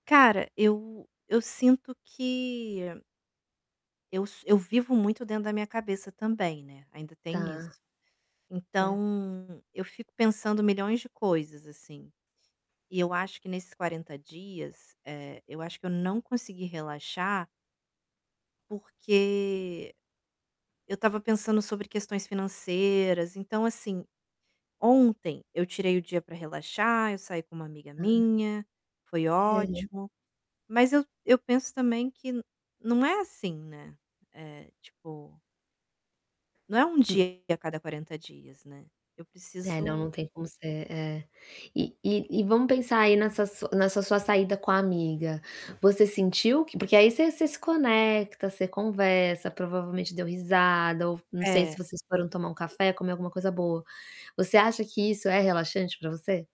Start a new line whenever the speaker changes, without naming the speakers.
Cara, eu eu sinto que eu so eu vivo muito dentro da minha cabeça também, né, ainda tem
Tá,
isso.
certo.
Então, eu fico pensando milhões de coisas, assim. E eu acho que nesses 40 dias, eh, eu acho que eu não consegui relaxar porque eu estava pensando sobre questões financeiras, então, assim, ontem eu tirei o dia pra relaxar, eu saí com uma amiga
Hã.
minha, foi
É.
ótimo. Mas eu eu penso também que não é assim, né. Eh, tipo não é um
Uh
dia a cada 40 dias, né. Eu
É, não,
preciso
não tem como ser é. E e e vamos pensar aí nessa su nessa sua saída com a amiga, você sentiu que porque aí você você se conecta, você conversa, provavelmente deu risada ou v não sei se
É.
vocês foram tomar um café, comer alguma coisa boa. Você acha que isso é relaxante pra você?